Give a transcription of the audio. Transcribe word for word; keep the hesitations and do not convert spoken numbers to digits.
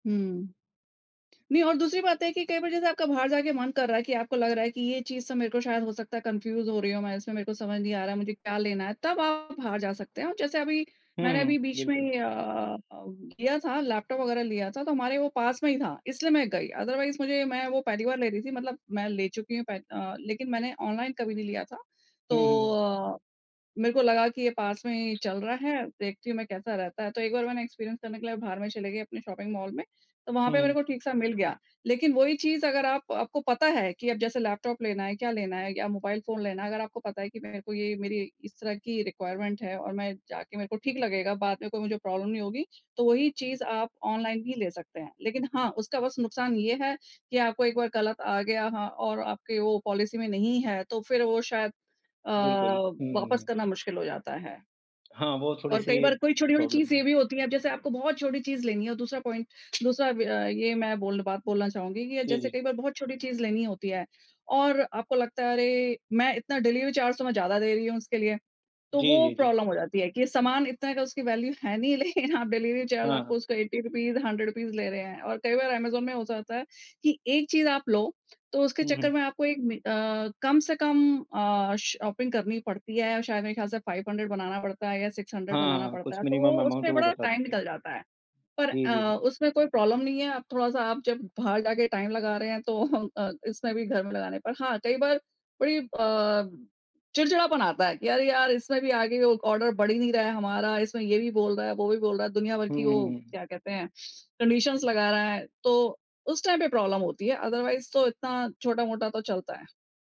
हुँ। नहीं और दूसरी बात है कि कई बार जैसे आपका बाहर जाके मन कर रहा है कि आपको लग रहा है कि ये चीज़ से मेरे को शायद हो सकता है कन्फ्यूज़ हो रही हूँ मैं, इसमें मेरे को समझ नहीं आ रहा है, मुझे क्या लेना है, तब आप बाहर जा सकते हैं और जैसे अभी मैंने हुँ, अभी बीच बिल्कुल। में अ अ, किया था लैपटॉप वगैरह लिया था, तो हमारे वो पास में ही था। इसलिए मैं गई अदरवाइज़ मुझे मैं वो पहली बार ले रही थी, मतलब मैं ले चुकी हूँ पेह अ, लेकिन मैंने ऑनलाइन कभी नहीं लिया था। तो हुँ, हुँ। अ, मेरे को लगा कि ये पास में ही चल रहा है, देखती हूँ मैं कैसा रहता है, तो एक बार मैंने एक्सपीरियंस करने के लिए बाहर में चली गई अपनी शॉपिंग मॉल में तो वहाँ हुँ, पे मेरे हुँ। को ठीक सा मिल गया। लेकिन वही चीज़ अगर आप आपको पता है कि अब जैसे लैपटॉप लेना है, क्या लेना है या मोबाइल फ़ोन लेना है। अगर आपको पता है कि मेरे को ये मेरी इस तरह की रिक्वायरमेंट है और मैं जाके मेरे को ठीक लगेगा बाद में कोई मुझे प्रॉब्लम नहीं होगी। तो वही चीज़ आप ऑनलाइन भी ले सकते हैं। लेकिन हाँ, उसका बस नुकसान ये है कि आपको एक बार गलत आ गया हाँ और आपके वो पॉलिसी में नहीं है तो फिर वो शायद अ, बिल्कुल। हुँ, वापस हुँ। करना मुश्किल हो जाता है। हाँ, वो और कई थोड़ी-सी बार कोई छोटी-छोटी प्रॉब्लम चीज़ है। ये भी होती है, अब जैसे आपको बहुत छोटी चीज़ लेनी है और दूसरा पॉइंट दूसरा ब ये मैं बोल बात बोलना चाहूँगी कि, जी, जैसे जी। कई बार बहुत छोटी चीज़ लेनी होती हैं और आपको लगता है अरे! मैं इतना डिलीवरी चार्ज तो मैं ज़्यादा दे रही हूँ इसके लिए तो जी, वो जी, जी। प्रॉब्लम हो जाती है कि सामान इतना का उसकी वैल्यू है नहीं, लेकिन आप डिलीवरी चार्ज हाँ, आपको हाँ। उसका एटी रुपीज़ हंड्रेड रूपीज़ लें रहे हैं और कई बार अमेज़न में हो जाता है कि एक चीज़ आप लो तो उसके हुँ, चक्कर हुँ। में आपको एक मि अ, कम से कम अ, शॉपिंग करनी पड़ती है। शायद मेरे ख़याल से फाइव हंड्रेड बनाना पड़ता है या सिक्स हंड्रेड बनाना हाँ, पड़ता कुछ है, तो वो मिनिमम अमाउंट उसमें वो बड़ा बता टाइम देते हैं। निकल जाता है, पर जी, जी, अ, जी। उसमें कोई प्रॉब्लम नहीं है। अब थोड़ा-सा आप जब बाहर जाके टाइम लगा रहे हैं तो अ, इसमें भी घर में लगाने पर हाँ, कई बार बड़ी अ, चिड़चिड़ापन आता है कि अरे, यार! इसमें भी आगे वो ऑर्डर बढ़ ही नहीं रहा है हमारा, इसमें ये भी बोल रहा है, वो भी बोल रहा है दुनिया भर हुँ, की वो हुँ, हुँ। क्या कहते हैं। कंडीशन्स लगा रहा है, तो उस टाइम पे प्रॉब्लम होती है अदरवाइज़ तो इतना छोटा-मोटा तो चलता है।